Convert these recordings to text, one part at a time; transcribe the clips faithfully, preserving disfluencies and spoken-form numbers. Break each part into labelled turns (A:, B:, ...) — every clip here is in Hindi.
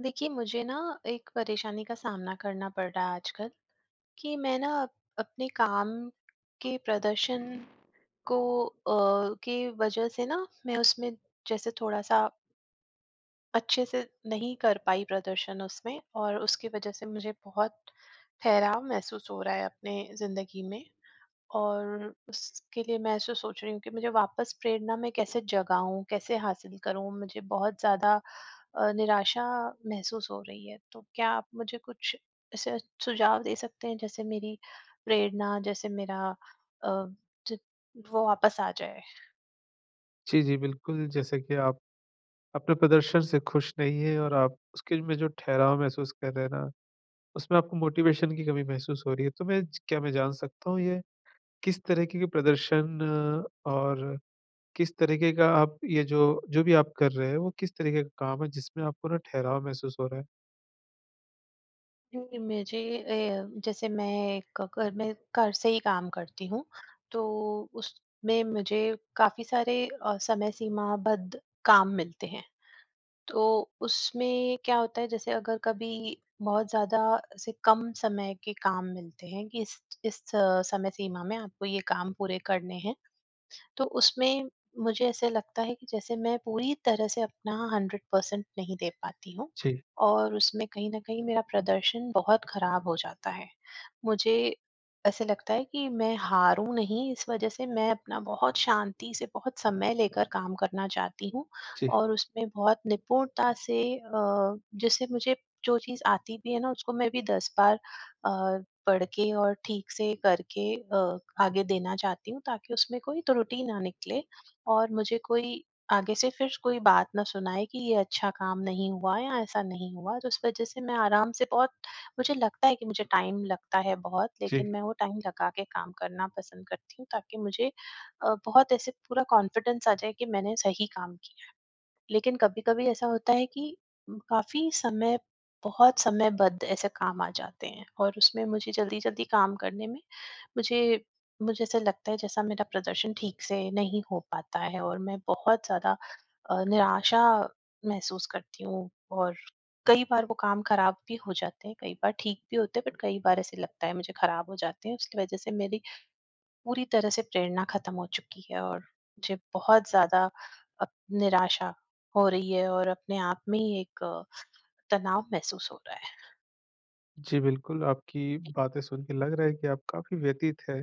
A: देखिए मुझे ना एक परेशानी का सामना करना पड़ रहा है आजकल कि मैं ना अपने काम के प्रदर्शन को अ, के वज़ह से न मैं उसमें जैसे थोड़ा-सा अच्छे से नहीं कर पाई प्रदर्शन उसमें और उसके वज़ह से मुझे बहुत ठहराव महसूस हो रहा है अपने ज़िन्दगी में। और उसके लिए मैं ऐसे सोच रही हूँ कि मुझे वापस प्रेरणा में कैसे जगाऊँ? कैसे हासिल करूँ? मुझे बहुत ज़्यादा अ, निराशा महसूस हो रही है। तो क्या आप मुझे कुछ ऐसे सुझाव दे सकते हैं जैसे मेरी प्रेरणा जैसे मेरा अ, ज वो वापस आ जाए?
B: जी, जी। बिल्कुल, जैसे कि आप, अपने प्रदर्शन से खुश नहीं है और आप उसके में जो ठहराव महसूस कर रहे हैं ना, उसमें आपको मोटिवेशन की कमी महसूस हो रही है। तो मैं क्या मैं जान सकता हूँ ये, किस तरीके के प्रदर्शन और किस तरीके का आप ये जो जो भी आप कर रहे हैं वो किस तरीके का काम है जिसमें आपको न ठहराव महसूस हो रहा है?
A: क्योंकि मुझे ए जैसे मैं घ घर में घर से ही काम करती हूँ, तो उसमें मुझे काफ़ी सारे अ, समय सीमाबद्ध काम मिलते हैं। तो उसमें क्या होता है, जैसे अगर कभी बहुत ज़्यादा से कम समय के काम मिलते हैं कि, "इस इस समय सीमा में आपको ये काम पूरे करने हैं।" तो उसमें मुझे ऐसे लगता है कि जैसे मैं पूरी तरह से अपना हंड्रेड परसेंट नहीं दे पाती हूँ
B: जी।
A: और उसमें कहीं न कहीं मेरा प्रदर्शन बहुत ख़राब हो जाता है। मुझे ऐसे लगता है कि मैं हारूँ नहीं, इस वज़ह से मैं अपना बहुत शांति से, बहुत समय लेकर काम करना चाहती हूँ
B: जी।
A: और उसमें बहुत निपुणता से अ, जैसे मुझे जो चीज़ आती भी है ना, उसको मैं भी दस बार अ, पढ़ के और ठीक से करके अ, आगे देना चाहती हूँ, ताकि उसमें कोई त्रुटि ना निकले और मुझे कोई आगे से फिर कोई बात ना सुनाए कि, "ये अच्छा काम नहीं हुआ या ऐसा नहीं हुआ।" तो इस वज़ह से मैं आराम से बहुत, मुझे लगता है कि मुझे टाइम लगता है बहुत,
B: जी।
A: लेकिन मैं वो टाइम लगा के काम करना पसंद करती हूँ, ताकि मुझे अ, बहुत ऐसे पूरा कॉन्फिडेंस आ जाए कि मैंने सही काम किया है। लेकिन कभी-कभी ऐसा होता है कि काफ़ी समय बहुत समयबद्ध ऐसे काम आ जाते हैं और उसमें मुझे जल्दी-जल्दी काम करने में मुझे मुझे ऐसा लगता है, जैसा मेरा प्रदर्शन ठीक से नहीं हो पाता है और मैं बहुत ज़्यादा अ, निराशा महसूस करती हूँ और कई बार वो काम खराब भी हो जाते हैं, कई बार ठीक भी होते हैं, बट कई बार ऐसे लगता है मुझे, ख़राब हो जाते हैं, उसकी वज़ह से मेरी पूरी तरह से प्रेरणा ख़त्म हो चुकी है और मुझे बहुत ज़्यादा अ, निराशा हो रही है और अपने आप में ही एक तनाव महसूस हो रहा है।
B: जी, बिल्कुल, आपकी बातें सुन के लग रहा है कि आप काफ़ी व्यथित हैं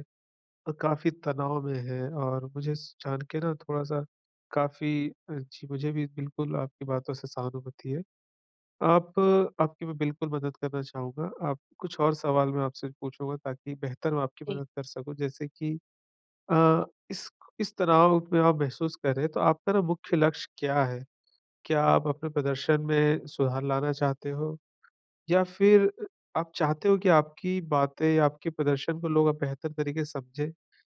B: अ, काफ़ी तनाव में हैं और मुझे स जान के ना थोड़ा-सा काफ़ी अ, जी, मुझे भी बिल्कुल आपकी बातों से सहानुभूति है। आप आपकी मैं बिल्कुल मदद करना चाहूँगा, आप कुछ और सवाल मैं आपसे पूछूँगा, ताकि बेहतर मैं आपकी
A: जी।
B: मदद कर सकूँ, जैसे कि अ, इस इस तनाव में आप महसूस कर रहे हैं, तो आपका ना मुख्य लक्ष्य क्या है? क्या आप अपने प्रदर्शन में सुधार लाना चाहते हो? या फिर अ, आप चाहते हो कि आपकी बातें, आपके प्रदर्शन को लोग अब बेहतर तरीके से समझें?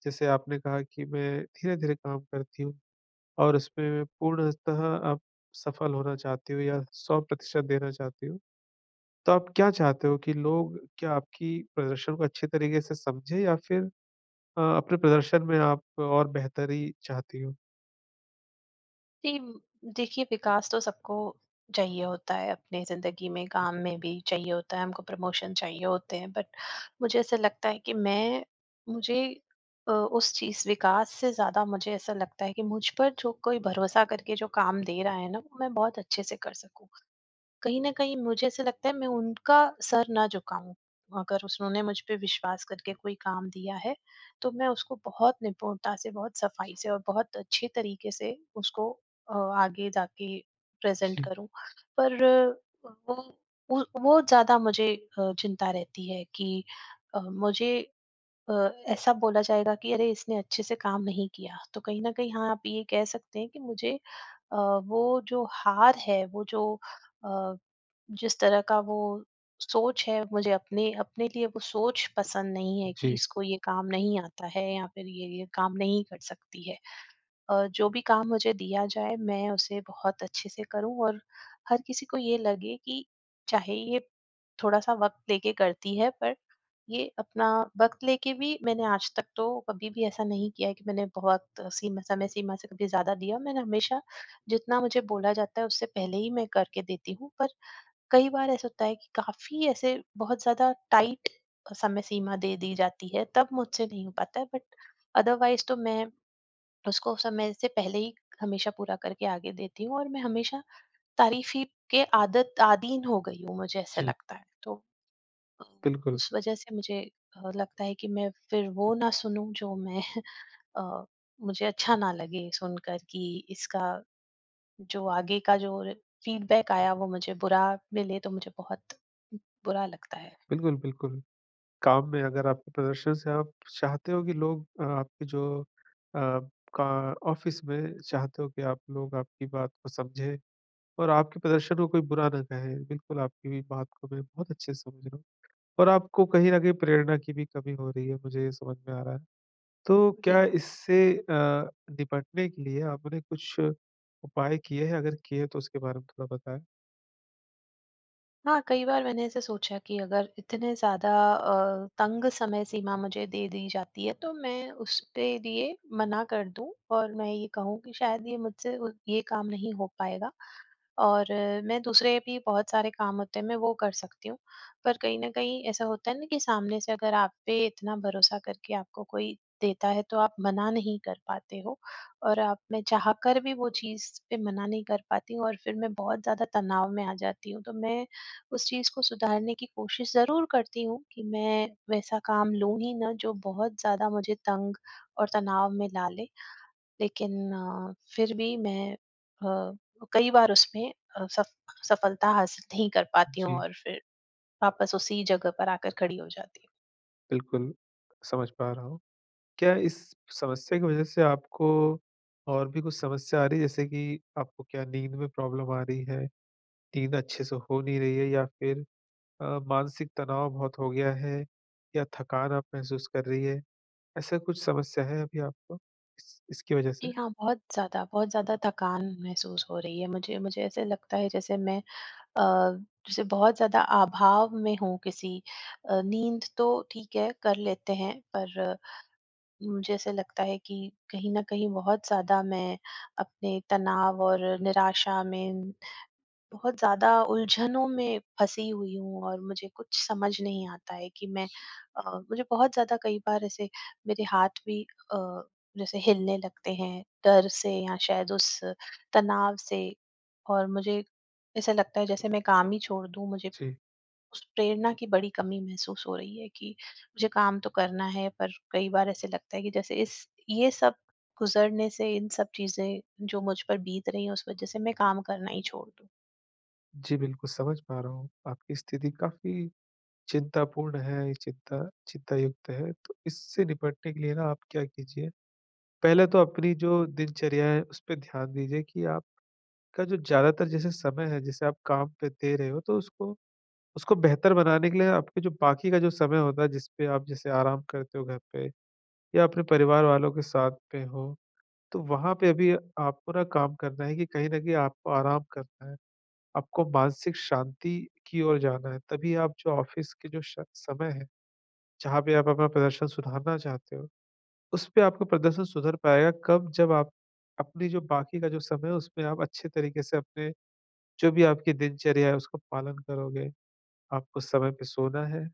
B: जैसे आपने कहा कि, "मैं धीरे-धीरे काम करती हूँ।" और इसपे में पूर्णतः आप सफल होना चाहती हो या सौ प्रतिशत देना चाहती हो, तो आप क्या चाहते हो कि लोग क्या आपकी प्रदर्शन को अच्छे तरीके से समझें या फिर अ, अपने प्रदर्शन में आप और बेहतरी चाहती हो?
A: जी, देखिए, विकास तो सबको चाहिए होता है, अपनी ज़िंदगी में, काम में भी चाहिए होता है, हमको प्रमोशन चाहिए होते हैं। बट मुझे ऐसा लगता है कि मैं मुझे अ, उस चीज़ विकास से ज़्यादा मुझे ऐसा लगता है कि मुझ पर जो कोई भरोसा करके जो काम दे रहा है ना, वो मैं बहुत अच्छे से कर सकूँ। कहीं न कहीं मुझे ऐसा लगता है, मैं उनका सर ना झुकाऊँ, अगर उन्होंने मुझ पे विश्वास करके कोई काम दिया है, तो मैं उसको बहुत निपुणता से, बहुत सफ़ाई से और बहुत अच्छे तरीके से उसको अ, आगे जाके प्रेज़ेंट
B: जी।
A: करूँ। पर वो उ वो ज़्यादा मुझे अ, चिंता रहती है कि अ, मुझे अ, ऐसा बोला जाएगा कि, "अरे! इसने अच्छे से काम नहीं किया।" तो कहीं न कहीं, हाँ, आप ये कह सकते हैं कि मुझे अ, वो जो हार है, वो जो अ, जिस तरह का वो सोच है, मुझे अपने अपने लिए वो सोच पसंद नहीं है कि,
B: जी।
A: "इसको ये काम नहीं आता है या फिर ये, ये काम नहीं कर सकती है।" अ, जो भी काम मुझे दिया जाए, मैं उसे बहुत अच्छे से करूँ और हर किसी को ये लगे कि, "चाहे, ये थोड़ा-सा वक़्त लेके करती है, पर ये अपना" वक़्त लेके भी मैंने आज तक तो कभी भी ऐसा नहीं किया है कि मैंने बहुत सीम समय सीमा से कभी ज़्यादा दिया। मैंने हमेशा, जितना मुझे बोला जाता है, उससे पहले ही मैं करके देती हूँ, पर कई बार ऐसा होता है कि काफ़ी ऐसे बहुत ज़्यादा टाइट अ, समय सीमा दे दी जाती है, तब मुझसे नहीं हो पाता है, बट अदरवाइज़ तो मैं उसको समय से पहले ही, हमेशा पूरा करके आगे देती हूँ और मैं हमेशा तारीफी के आदत आदीन हो गई हूँ, मुझे ऐसा
B: जी।
A: लगता है। तो अ,
B: बिल्कुल।
A: उस वजह से मुझे अ, लगता है कि मैं फिर वो ना सुनूँ, जो मैं अ, मुझे अच्छा ना लगे सुनकर कि इसका जो आगे का जो रे फ़ीडबैक आया, वो मुझे बुरा मिले, तो मुझे बहुत बुरा लगता है।
B: बिल्कुल, बिल्कुल। काम में अगर आप प्रदर्शन से आप चाहते हो कि लोग आपके जो अ, का ऑफ़िस में चाहते हो कि आप लोग आपकी बात को समझें और आपके प्रदर्शन को कोई बुरा ना कहे। बिल्कुल, आपकी बात को मैं बहुत अच्छे से समझ रहा हूँ और आपको कहीं न कहीं प्रेरणा की भी कमी हो रही है, मुझे ये समझ में आ रहा है। तो क्या
A: जी।
B: इससे अ, निपटने के लिए आपने कुछ उपाय किए हैं? अगर किए हैं, तो उसके बारे में थोड़ा बताएँ।
A: हाँ, कई बार मैंने ऐसे सोचा कि अगर इतने ज़्यादा अ, तंग समय सीमा मुझे दे दी जाती है तो मैं उसपे दिए मना कर दूँ और मैं ये कहूँ कि शायद ये मुझसे ये काम नहीं हो पाएगा। और मैं दूसरे भी बहुत सारे काम होते हैं मैं वो कर सकती हूँ। पर कहीं न कहीं ऐसा होता है ना कि सामने से अगर आप पे इतना भरोसा करके आपको कोई देता है तो आप मना नहीं कर पाते हो। और आप मैं चाह कर भी वो चीज़ पे मना नहीं कर पाती हूँ और फिर मैं बहुत ज़्यादा तनाव में आ जाती हूँ। तो मैं उस चीज़ को सुधारने की कोशिश ज़रूर करती हूँ कि मैं वैसा काम लूँ ही ना जो बहुत ज़्यादा मुझे तंग और तनाव में डाले। लेकिन अ, फिर भी मैं अ, कई बार उसमें अ, सफ सफलता हासिल नहीं कर पाती हूँ
B: जी।
A: और फिर, वापस उसी जगह पर आकर खड़ी हो जाती हूँ।
B: बिल्कुल, समझ पा रहा हूँ। क्या इस समस्या की वज़ह से आपको और भी कुछ समस्या आ रही है जैसे कि आपको क्या नींद में प्रॉब्लम आ रही है? नींद अच्छे से हो नहीं रही है? या फिर अ, मानसिक तनाव बहुत हो गया है? या थकान आप महसूस कर रही हैं? ऐसा कुछ समस्या है अभी आपको इस इसकी वज़ह से?
A: जी हाँ, बहुत ज़्यादा बहुत ज़्यादा थकान महसूस हो रही है मुझे, मुझे ऐसे लगता है जैसे मैं अ, जैसे बहुत ज़्यादा अभाव में हूँ किसी अ, नींद तो ठीक है कर लेते हैं पर, मुझे ऐसे लगता है कि कहीं न कहीं बहुत ज़्यादा मैं अपने तनाव और निराशा में, बहुत ज़्यादा उलझनों में फंसी हुई हूँ और मुझे कुछ समझ नहीं आता है कि मैं अ, मुझे बहुत ज़्यादा कई बार ऐसे मेरे हाथ भी अ, जैसे हिलने लगते हैं, डर से या शायद उस तनाव से। और मुझे ऐसा लगता है जैसे मैं काम ही छोड़ दूँ। मुझे
B: जी।
A: उस प्रेरणा की बड़ी कमी महसूस हो रही है कि मुझे काम तो करना है पर कई बार ऐसे लगता है कि जैसे इस ये सब गुज़रने से इन सब चीज़ें जो मुझ पर बीत रही है उस वज़ह से मैं काम करना ही छोड़ दूँ।
B: जी बिल्कुल, समझ पा रहा हूँ। आपकी स्थिति काफ़ी चिंतापूर्ण हैं। ये चिंता चिंतायुक्त हैं, तो इससे निपटने के लिए ना आप क्या कीजिए पहले तो अपनी जो दिनचर्या हैं, उस पे ध्यान दीजिए कि आपका जो ज़्यादातर जैसे समय है, जिसे आप काम पे दे रहे हो, तो उसको उसको बेहतर बनाने के लिए आपके जो बाकी का जो समय होता हैं, जिस पे आप जैसे आराम करते हो घर पे या अपने परिवार वालों के साथ में हो, तो वहाँ पे भी आपको ना काम करना है कि कहीं न कहीं आपको आराम करना हैं। आपको मानसिक शांति की ओर जाना हैं, तभी आप जो ऑफ़िस के जो शक समय हैं, जहाँ पे आप अपना प्रदर्शन सुधारना चाहते हो उसपे आपको प्रदर्शन सुधर पाएगा, कब? जब आप अपनी जो बाकी का जो समय है, उसमें आप अच्छे तरीक़े से अपने जो भी आपकी दिनचर्या हैं, उसका पालन करोगे। आपको समय पे सोना हैं,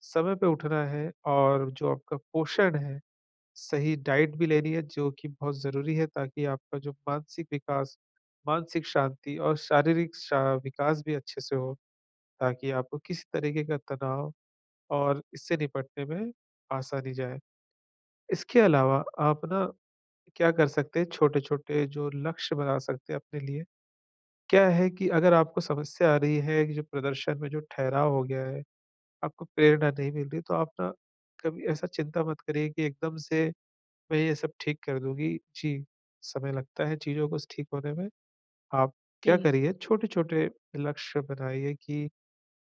B: समय पे उठना हैं और जो आपका पोषण है, सही डाइट भी लेनी है, जो कि बहुत ज़रूरी है, ताकि आपका जो मानसिक विकास, मानसिक शांति और शारीरिक शा विकास भी अच्छे से हो। ताकि आपको किसी तरीक़े का तनाव और इससे निपटने में आसानी जाए। इसके अलावा आप ना, क्या कर सकते हैं, छोटे-छोटे जो लक्ष्य बना सकते हैं अपने लिए। क्या है कि अगर आपको समस्या आ रही है कि, जो प्रदर्शन में जो ठहराव हो गया हैं, आपको प्रेरणा नहीं मिल रही, तो आप ना कभी ऐसा चिंता मत करिए कि एकदम से मैं ये सब ठीक कर दूँगी। जी, समय लगता है चीज़ों को स ठीक होने में। आप क्या
A: जी।
B: करिए छोटे-छोटे लक्ष्य बनाइए कि,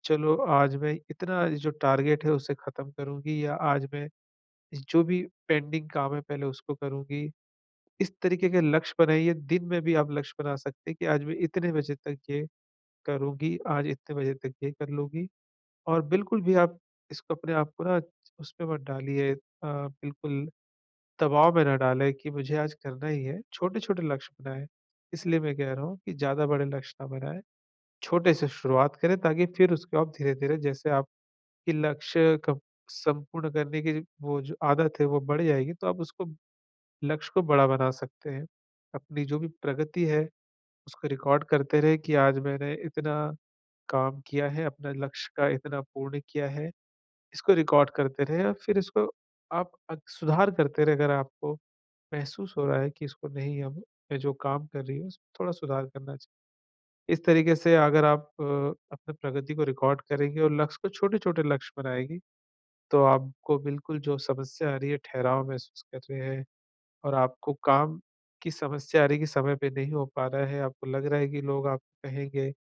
B: चलो आज मैं इतना जो टारगेट हैं उसे ख़त्म करूँगी या आज मैं जो भी पेंडिंग काम हैं पहले उसको करूँगी। इस तरीक़े के लक्ष्य बनाइए, दिन में भी आप लक्ष्य बना सकते हैं कि आज मैं इतने बजे तक ये करूँगी। आज इतने बजे तक ये कर लूँगी। और बिल्कुल भी आप इसको अपने आप को ना च उसमें मत डालिए अ, बिल्कुल दबाव में ना डालें कि मुझे आज करना ही हैं। छोटे-छोटे लक्ष्य बनाएँ, इसलिए मैं कह रहा हूँ कि ज़्यादा बड़े लक्ष्य ना बनाएँ। छोटे से शुरुआत करें, ताकि फ़िर उसको आप धीरे-धीरे जैसे आपके लक्ष्य क संपूर्ण करने की ज वो जो आदत हैं वो बढ़ जाएगी, तो आप उसको लक्ष्य को बड़ा बना सकते हैं। अपनी जो भी प्रगति है, उसको रिकॉर्ड करते रहे कि आज मैंने इतना काम किया हैं, अपने लक्ष्य का इतना पूर्ण किया हैं। इसको रिकॉर्ड करते रहें और फ़िर इसको आप अग सुधार करते रहे अगर आपको महसूस हो रहा हैं कि इसको नहीं हम मैं जो काम कर रही हूँ, उस थोड़ा सुधार करना चाहिए। इस तरीक़े से अगर आप अपनी प्रगति को रिकॉर्ड करेंगे और लक्ष्य को छोटे-छोटे लक्ष्य बनाएगी, तो आपको बिल्कुल जो समस्या आ रही हैं, ठहराव महसूस कर रहे हैं और आपको काम की समस्या आ रही हैं कि समय पे नहीं हो पा रहा है, आपको लग रहा है कि लोग आपको कहेंगे।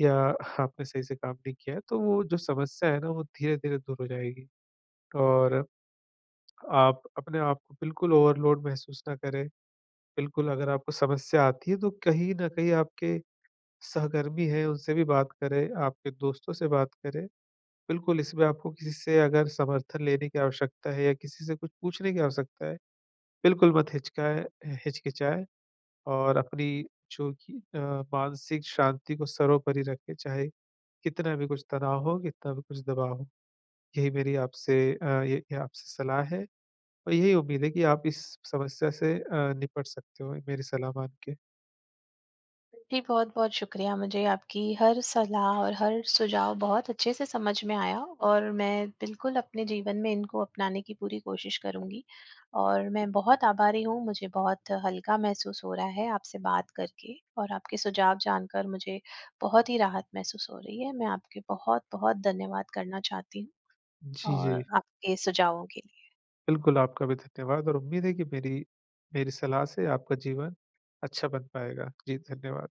B: या आपने सही से काम नहीं किया हैं, तो वो जो समस्या हैं ना वो धीरे-धीरे दूर हो जाएगी। और आप अपने आप को बिल्कुल ओवरलोड महसूस ना करें। बिल्कुल अगर आपको समस्या आती हैं, तो कहीं न कहीं आपके सहकर्मी हैं, उनसे भी बात करें, आपके दोस्तों से बात करें। बिल्कुल इसमें आपको किसी से अगर समर्थन लेने की आवश्यकता हैं या किसी से कुछ पूछने की आवश्यकता हैं, बिल्कुल मत हिचकाएँ हिचकिचाएँ और अपनी जो कि अ, मानसिक शांति को सर्वोपरि रखें, चाहे कितना भी कुछ तनाव हो, कितना भी कुछ दबाव हो। यही मेरी आपसे अ, ये ही आपसे सलाह हैं और यही उम्मीद हैं कि आप इस समस्या से अ, निपट सकते हो मेरी सलाह मान के।
A: जी, बहुत-बहुत शुक्रिया। मुझे आपकी हर सलाह और हर सुझाव बहुत अच्छे से समझ में आया और मैं, बिल्कुल अपने जीवन में इनको अपनाने की पूरी कोशिश करूँगी। और मैं बहुत आभारी हूँ, मुझे बहुत हल्का महसूस हो रहा हैं आपसे बात करके और आपके सुझाव जानकर मुझे, बहुत ही राहत महसूस हो रही हैं। मैं आपके बहुत-बहुत धन्यवाद करना चाहती हूँ।
B: जी,
A: और
B: जी।
A: आपके सुझावों के लिए।
B: बिल्कुल, आपका भी धन्यवाद और उम्मीद हैं कि मेरी मेरी सलाह से आपका जीवन अच्छा बन पाएगा। जी, धन्यवाद।